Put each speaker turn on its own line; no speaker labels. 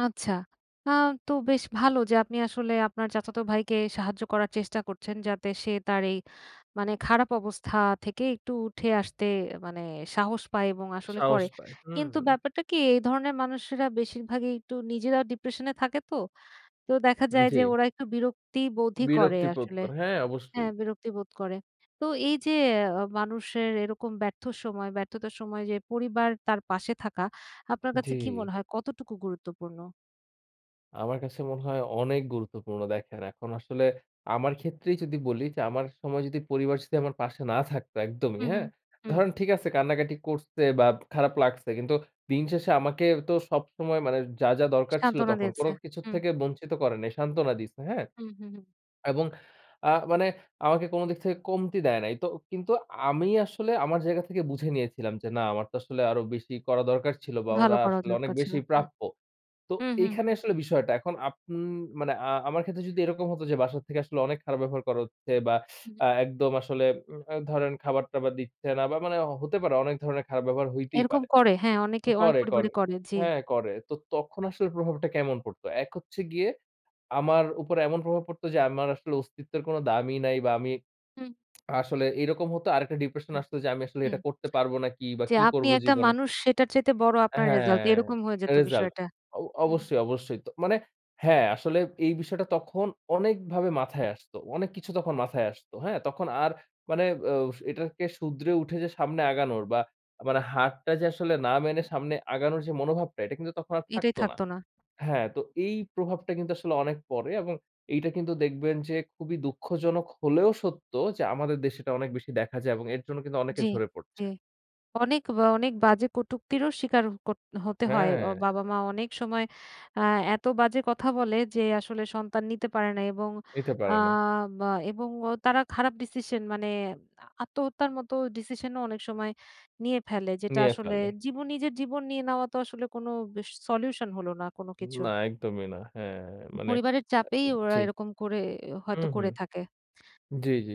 আচ্ছা। আ তো বেশ ভালো যে আপনি আসলে আপনার চাচাত ভাইকে সাহায্য করার চেষ্টা করছেন যাতে সে তার এই মানে খারাপ অবস্থা থেকে একটু উঠে আসতে মানে সাহস পায় এবং আসলে
সাহস
করে।
পায়, হু।
কিন্তু ব্যাপারটা কি এই ধরনের মানুষেরা বেশিরভাগই একটু নিজেরাও ডিপ্রেশন এ থাকে তো। তো দেখা
উ
যায় যে
জি।
ওরা একটু বিরক্তিবোধই করে
বিরক্তিবোধ
আসলে।
করে, হ্যাঁ
হ্যাঁ
অবশ্যই।
বিরক্তি বোধ করে। তো এই যে আ মানুষের এরকম ব্যর্থ সময় ব্যর্থতার সময় যে পরিবার তার পাশে থাকা আপনার কাছে কি
জি।
মনে হয় কতটুকু গুরুত্বপূর্ণ?
আমার কাছে মনে হয় অনেক গুরুত্বপূর্ণ। দেখেন। এখন আসলে আমার ক্ষেত্রেই যদি বলি যে আমার সময় যদি পরিবার স যদি আমার পাশে না থাকতো একদমই
হু, হু,
হ্যাঁ।
হু।
ধরেন ঠিক আছে কান্নাকাটি করছে বা খারাপ লাগছে কিন্তু দিন শেষে আমাকে তো সবসময় মানে যা, যা দরকার ছিল
সান্ত্বনা
তখন
দিয়েছে।
কোনো কিছুর
হুম।
থেকে বঞ্চিত করে নাই সান্ত্বনা দিছে। হ্যাঁ?
হুম, হুম, হুম।
এবং আ মানে আমাকে কোনো দিক থেকে কমতি দেয় নাই। তো কিন্তু আমি আসলে আমার জায়গা থেকে বুঝে নিয়েছিলাম যে না আমার তো আসলে আরো বেশি করা দরকার ছিল বা
ভালো
ওরা
করার
আসলে অনেক
দরকার ছিল।
বেশি
হুম।
প্রাপ্য। তো
হু, হু, হু।
এইখানে আসলে বিষয়টা। এখন আপ মানে আ আমার ক্ষেত্রে যদি এরকম হতো যে বাসা থেকে আসলে অনেক খারাপ ব্যবহার করা হচ্ছে বা
হুম।
আ একদম আসলে উ আ ধরেন খাবার-টাবার দিচ্ছে না। বা মানে হতে পারে অনেক ধরনের খারাপ ব্যবহার হইতেই
এরকম
পারে
করে হ্যাঁ অনেকে অনেক
করে,
পরিবারে
করে।
করে, জি।
হ্যাঁ করে। তো তখন আসলে প্রভাবটা কেমন পড়ত। এক হচ্ছে গিয়ে আমার উপর এমন প্রভাব পড়ত যে আমার আসলে অস্তিত্বের কোনো দামি নাই বা আমি
হুম।
আসলে এরকম হত। আরেকটা ডিপ্রেশন
হুম,
আসত যে আমি আসলে
হুম।
এটা করতে পারব নাকি বা
যে
কি
আপনি
করব
একটা
জীবনে।
মানুষ সেটার চাইতে বড় আপনার রেসাল্ট।
হ্যাঁ
এরকম হয়ে যেত
রেসাল্ট।
বিষয়টা।
অ
হুম।
অবশ্যই, অবশ্যই। তো মানে হ্যাঁ আসলে এই বিষয়টা তখন অনেকভাবে মাথায় আসত। অনেক কিছু তখন মাথায় আসত। হ্যাঁ তখন আর আ মানে এটাকে শুদরে উঠে যে সামনে আগানোর বা মানে হারটা যে আসলে না মেনে সামনে আগানোর যে মনোভাবটা, এটা কিন্তু তখন আর
এটাই
থাকত না।
থাকত না।
হ্যাঁ তো এই প্রভাবটা কিন্তু আসলে অনেক পড়ে এবং এইটা কিন্তু দেখবেন যে খুবই দুঃখজনক হলেও সত্য যে আমাদের দেশে এটা অনেক বেশি দেখা যায় এবং এর জন্য কিন্তু অনেকে
জি,
ঝরে পড়ছে।
জি। অনেক, অনেক বাজে কটুক্তিরও স্বীকার করত হতে হয়। অ
হ্যাঁ।
বাবা-মা অনেক সময় আ এত বাজে কথা বলে যে আসলে সন্তান নিতে পারে না এবং
নিতে
আ
পারে না।
বা এবং তারা খারাপ ডিসিশন মানে আত্মহত্যার মত ডিসিশন ও অনেক সময় নিয়ে ফেলে। যেটা
নিয়ে
আসলে
ফেলে।
জীবন নিজের জীবন নিয়ে নেওয়া তো আসলে কোনো সলিউশন হল না কোনো কিছুর
না একদমই না। হ্যাঁ মানে
পরিবারের চাপেই
আ
ওরা
জি।
এরকম করে
হু,
হয়তো
হু।
করে থাকে।
জি, জি।